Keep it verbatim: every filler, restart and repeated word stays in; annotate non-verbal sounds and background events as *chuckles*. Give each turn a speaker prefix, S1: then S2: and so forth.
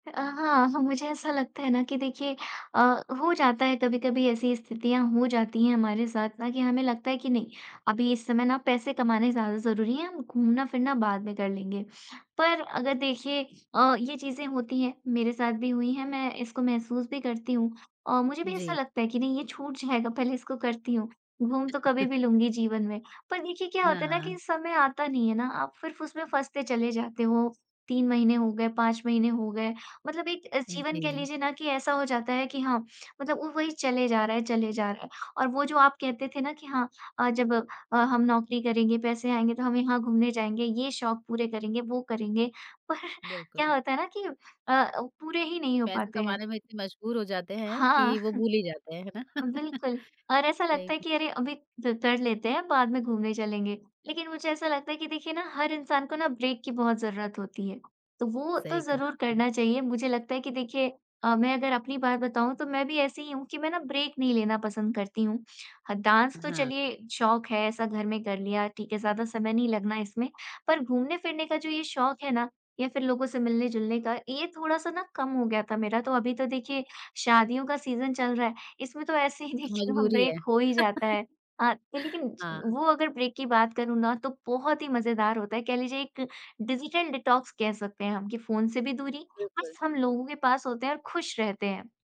S1: अ, हाँ, हाँ, मुझे ऐसा लगता है ना कि देखिए अ, हो जाता है कभी-कभी ऐसी स्थितियाँ हो जाती हैं हमारे साथ ना कि हमें लगता है कि नहीं, अभी इस समय ना पैसे कमाने ज़्यादा ज़रूरी हैं, हम घूमना-फिरना बाद में कर लेंगे। पर अगर देखिए अ, ये चीज़ें होती हैं, मेरे साथ भी हुई हैं। मैं इसको महसूस भी करती हूँ औ मुझे भी ऐसा
S2: जी।
S1: लगता है कि नहीं, ये छूट जाएगा, पहले इसको करती हूँ। घूम तो कभी भी
S2: *chuckles*
S1: लूँगी जीवन में। पर देखिए, क्या होता है ना कि
S2: हाँ।
S1: समय आता नहीं है ना, आप फिर फुसमें फँसते चले जाते हो। तीन महीने हो गए, पाँच महीने हो गए मतलब एक अ, जीवन कह
S2: जी।
S1: लीजिए ना कि ऐसा हो जाता है कि हाँ, मतलब उ वही चले जा रहा है चले जा रहा है। और वो जो आप कहते थे ना कि हाँ अ, जब अ, हम नौकरी करेंगे, पैसे आएँगे तो हम यहाँ घूमने जाएँगे। ये शौक पूरे करेंगे, वो करेंगे, पर
S2: बिल्कुल।
S1: क्या होता है ना कि अ अ, पूरे ही नहीं हो
S2: पैसे
S1: पाते हैं।
S2: कमाने में इतने मजबूर हो जाते हैं
S1: हाँ।
S2: कि वो भूल ही जाते हैं, है
S1: *chuckles*
S2: ना?
S1: बिल्कुल, और
S2: *laughs*
S1: ऐसा लगता
S2: सही
S1: है
S2: है।
S1: कि अरे! अभी द कर लेते हैं, बाद में घूमने चलेंगे। लेकिन मुझे ऐसा लगता है कि देखिए ना, हर इंसान को ना ब्रेक की बहुत ज़रूरत होती है, तो वो तो
S2: सही कहा
S1: ज़रूर
S2: आपने।
S1: करना चाहिए। मुझे लगता है कि देखिए अ, मैं अगर अपनी बात बताऊँ तो मैं भी ऐसी ही हूँ कि मैं ना ब्रेक नहीं लेना पसंद करती हूँ। हाँ, डांस
S2: अ,
S1: तो
S2: हाँ।
S1: चलिए शौक है, ऐसा घर में कर लिया ठीक है। ज़्यादा समय नहीं लगना इसमें, पर घूमने-फिरने का जो ये शौक है ना, या फिर लोगों से मिलने-जुलने का, ये थोड़ा-सा ना कम हो गया था मेरा। तो अभी तो देखिए, शादियों का सीज़न चल रहा है, इसमें तो ऐसे ही
S2: तो
S1: देखिए ना,
S2: मजबूरी है।
S1: ब्रेक हो ही जाता
S2: *chuckles*
S1: है। अ, लेकिन ज
S2: हाँ।
S1: वो अगर ब्रेक की बात करूँ ना तो बहुत ही मज़ेदार होता है, कह लीजिए एक डिजिटल डिटॉक्स कह सकते हैं हम कि फ़ोन से भी दूरी और
S2: बिल्कुल।
S1: सब लोगों के पास होते हैं और खुश रहते हैं।